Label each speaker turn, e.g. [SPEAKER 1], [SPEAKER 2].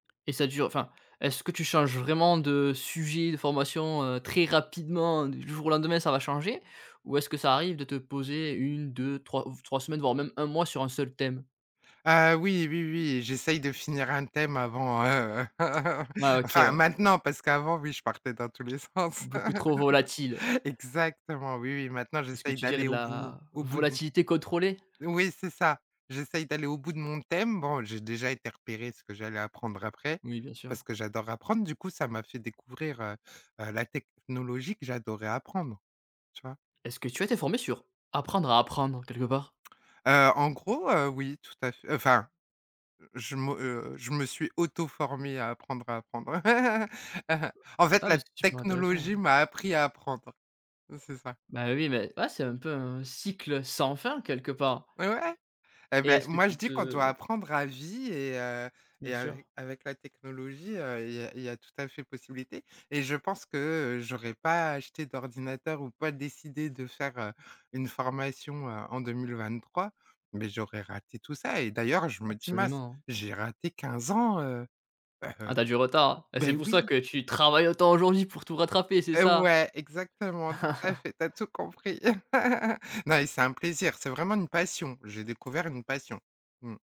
[SPEAKER 1] Et ça dure enfin, est-ce que tu changes vraiment de sujet de formation, heu, très rapidement du jour au lendemain ça va changer? Ou est-ce que ça arrive de te poser 1-2-3 ou 3 semaines voir même 1 mois sur un seul thème?
[SPEAKER 2] Ah, oui, oui, oui, j'essaye de finir un thème avant, heu
[SPEAKER 1] Ah, OK
[SPEAKER 2] enfin
[SPEAKER 1] ouais.
[SPEAKER 2] maintenant, parce qu'avant oui, je partais dans tous les sens.
[SPEAKER 1] Beaucoup trop volatile.
[SPEAKER 2] Exactement, oui, oui, maintenant
[SPEAKER 1] Est-ce que
[SPEAKER 2] j'essaye
[SPEAKER 1] tu dirais
[SPEAKER 2] d'aller
[SPEAKER 1] de
[SPEAKER 2] au bout
[SPEAKER 1] la
[SPEAKER 2] au bout de mon
[SPEAKER 1] volatilité contrôlée?
[SPEAKER 2] Oui, c'est ça. J'essaye d'aller au bout de mon thème. Bon, j'ai déjà été repérer ce que j'allais apprendre après,
[SPEAKER 1] Oui bien sûr.
[SPEAKER 2] parce que j'adore apprendre. Du coup, ça m'a fait découvrir, heu heu, la technologie que j'adorais apprendre, tu vois?
[SPEAKER 1] Est-ce que tu as été formée sur, apprendre à apprendre quelque part?
[SPEAKER 2] Heu, en gros, heu, oui tout à fait, heu, enfin, je me, heu, je me suis auto-formée à apprendre à apprendre. En fait
[SPEAKER 1] Ah
[SPEAKER 2] la
[SPEAKER 1] mais c'est super intéressant,
[SPEAKER 2] technologie
[SPEAKER 1] hein.
[SPEAKER 2] m'a appris à apprendre, c'est ça.
[SPEAKER 1] Bah oui mais ouais c'est un peu un cycle sans fin, quelque part.
[SPEAKER 2] Ouais ouais. Et
[SPEAKER 1] Et
[SPEAKER 2] bah
[SPEAKER 1] est-ce que
[SPEAKER 2] moi je
[SPEAKER 1] tu
[SPEAKER 2] dis qu'on doit
[SPEAKER 1] te
[SPEAKER 2] apprendre à vie et heu,
[SPEAKER 1] Bien
[SPEAKER 2] et ave
[SPEAKER 1] sur.
[SPEAKER 2] avec la technologie heu, il y a il y a tout à fait possibilité. Et je pense que, heu, j'aurais pas acheté d'ordinateur ou pas décidé de faire, heu, une formation, heu, en 2023, mais j'aurais raté tout ça. Et d'ailleurs, je me dis mince,
[SPEAKER 1] Absolument.
[SPEAKER 2] j'ai raté 15 ans, heu. Bah,
[SPEAKER 1] Ah
[SPEAKER 2] heu
[SPEAKER 1] tu as du retard. Et
[SPEAKER 2] bah
[SPEAKER 1] c'est pour ça
[SPEAKER 2] oui.
[SPEAKER 1] que tu travailles autant aujourd'hui pour tout rattraper, c'est
[SPEAKER 2] Heu,
[SPEAKER 1] ça?
[SPEAKER 2] ouais, exactement, tout à fait, tu as tout compris. Non, et c'est un plaisir, c'est vraiment une passion. J'ai découvert une passion, mmh.